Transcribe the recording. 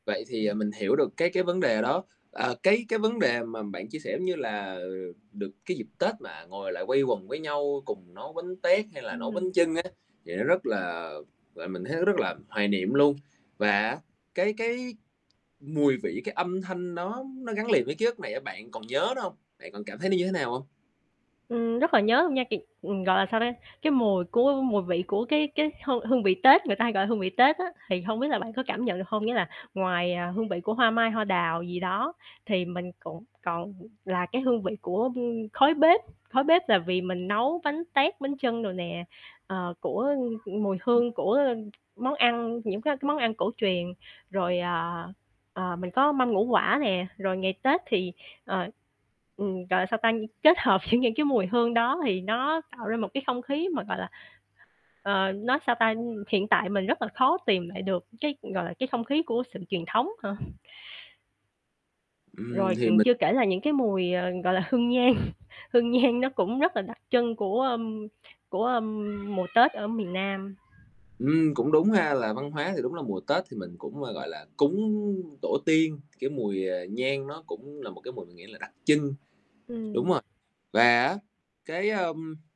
Vậy thì, ờ, mình hiểu được cái cái vấn đề đó. À, cái cái vấn đề mà bạn chia sẻ, giống như là, ờ, được cái dịp Tết mà ngồi lại quây quần với nhau cùng nấu bánh tét hay là nấu bánh Ừm. chưng á, thì nó rất là, gọi, mình thấy nó rất là hoài niệm luôn. Và á, cái cái mùi vị, cái âm thanh đó nó gắn liền với ký ức này á, bạn còn nhớ nữa hông? Bạn còn cảm thấy nó như thế nào hông? Ừm, rất là nhớ luôn nha, [unintelligible] ừm, gọi là sao ta, cái mùi của mùi vị của cái cái hương hương vị Tết, người ta hay gọi hương vị Tết á, thì hông biết là bạn có cảm nhận được hông? Nghĩa là ngoài, à, hương vị của hoa mai, hoa đào gì đó, thì mình cũng còn là cái hương vị của, ưm, khói bếp. Khói bếp là vì mình nấu bánh tét, bánh chưng đồ nè, ờ, của mùi Ừm. hương của món ăn, những cái cái món ăn cổ truyền. Rồi, à, ờ, mình có mâm ngũ quả nè. Rồi ngày Tết thì, ờ, ừm, gọi là, sao ta, kết hợp những những cái mùi hương đó thì nó tạo ra một cái không khí mà, gọi là, ờ, nói sao ta, ừm, hiện tại mình rất là khó tìm lại được cái, gọi là, cái không khí của sự truyền thống hả? Ừm, Rồi, thì ừm, mình chưa kể là những cái mùi, ờ, gọi là, hương nhang. Hương nhang nó cũng rất là đặc trưng của, ưm, của, ưm, mùa Tết ở miền Nam. Ừm, cũng đúng ha. Là văn hóa thì đúng là mùa Tết thì mình cũng, ơ, gọi là, cúng tổ tiên, cái mùi, ờ, nhang nó cũng là một cái mùi mình nghĩ là đặc trưng. Đúng Ừm. rồi, và á, cái, ơm